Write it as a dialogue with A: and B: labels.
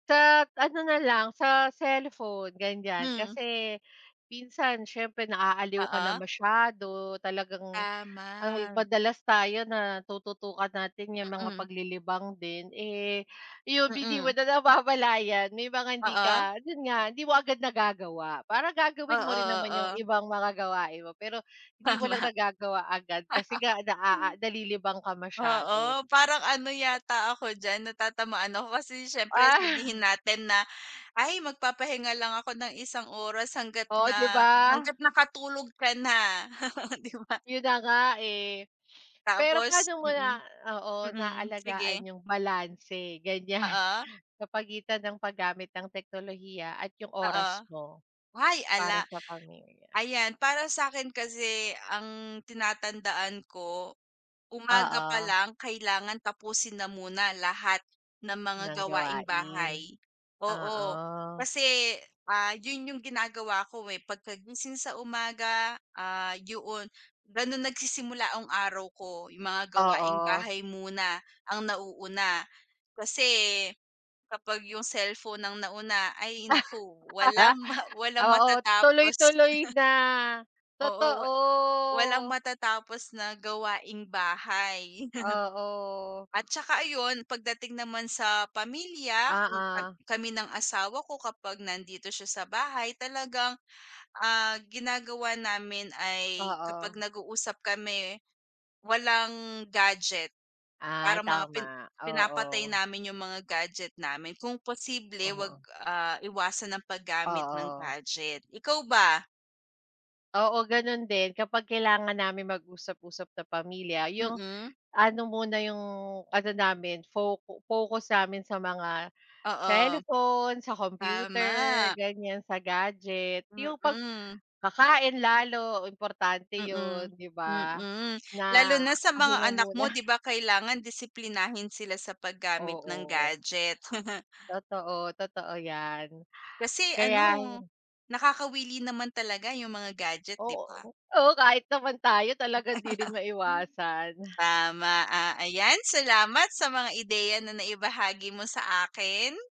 A: Sa ano na lang sa cellphone gan'yan,
B: Mm.
A: kasi minsan siyempre naaaliw ka na
B: Oo.
A: masyado talagang ang
B: Tama.
A: madalas tayo na tututukan natin yung mga
B: Mm.
A: paglilibang din, eh, yung hindi mo
B: Mm.
A: na namamlayan, may mga hindi
B: Oo.
A: ka yun nga, hindi mo agad nagagawa, para
B: Oo
A: gagawin mo rin naman yung
B: oo.
A: ibang mga gawain mo pero hindi mo lang
B: Tama.
A: nagagawa agad kasi nga na, ah, ah, nalilibang ka masyado.
B: Oo, parang ano yata ako diyan natatamaan ako, kasi syempre
A: O.
B: sabihin natin na ay magpapahinga lang ako ng isang oras hanggat
A: Oh, 'di
B: na
A: ba?
B: hanggat nakatulog ka na, di ba?
A: Yun na nga, eh. Pero
B: Tapos
A: paano mo
B: mm.
A: na oo,
B: Mm,
A: naalagaan
B: sige.
A: yung balanse gan'yan,
B: Oo.
A: sa pagitan ng paggamit ng teknolohiya at yung
B: Oo.
A: oras mo,
B: Ay ala.
A: para sa pamilya?
B: Ayan para sa'kin kasi ang tinatandaan ko umaga pa
A: Oo.
B: lang kailangan tapusin na muna lahat ng mga
A: Ng
B: gawaing
A: gawain.
B: bahay. Oo,
A: Oo.
B: kasi, ah, yun yung ginagawa ko, eh, pagkagising sa umaga, ah, yoon, gano'n nagsisimula ang araw ko, yung mga gawaing
A: Oo.
B: bahay muna ang nauuna. Kasi kapag yung cellphone ng nauna ay nako walang ma walang
A: Oo,
B: matatapos.
A: tuloy-tuloy na,
B: Oo, wa walang
A: totoo.
B: matatapos na gawaing bahay.
A: Oo.
B: At saka ayun pagdating naman sa pamilya kung kam
A: Oo.
B: kami ng asawa ko kapag nandito siya sa bahay talagang, ah, ginagawa namin ay kapag
A: Oo.
B: nag-uusap kami, walang gadget.
A: Ah,
B: Parang mga pin
A: tama.
B: pinapatay
A: Oo.
B: namin yung mga gadget namin kung possible wag,
A: Oo.
B: ah, iwasan ang paggamit ng
A: Oo.
B: gadget. Ikaw ba?
A: Oo, gano'n din kapag kailangan namin mag-usap-usap na pamilya yung,
B: Mm.
A: ano muna yung ano namin focu focus namin sa mga
B: Oo.
A: cellphone, sa computer,
B: Tama.
A: gan'yan sa gadget, yung 'pag
B: Mm.
A: kakain lalo importante
B: Mm,
A: yun, 'di ba,
B: mm.
A: na
B: Lalo na sa mga
A: pahinga
B: anak
A: muna.
B: mo, 'di ba? Kailangan disiplinahin sila sa paggamit ng
A: Oo.
B: gadget.
A: Totoo. Totoo 'yan,
B: Kasi
A: kaya
B: ano
A: ayun
B: nakakawili naman talaga yung mga gadget, 'di ba?
A: Oo, oh kahit naman tayo talaga 'di rin maiwasan.
B: Tama. Ah, ayan salamat sa mga ideya na naibahagi mo sa akin.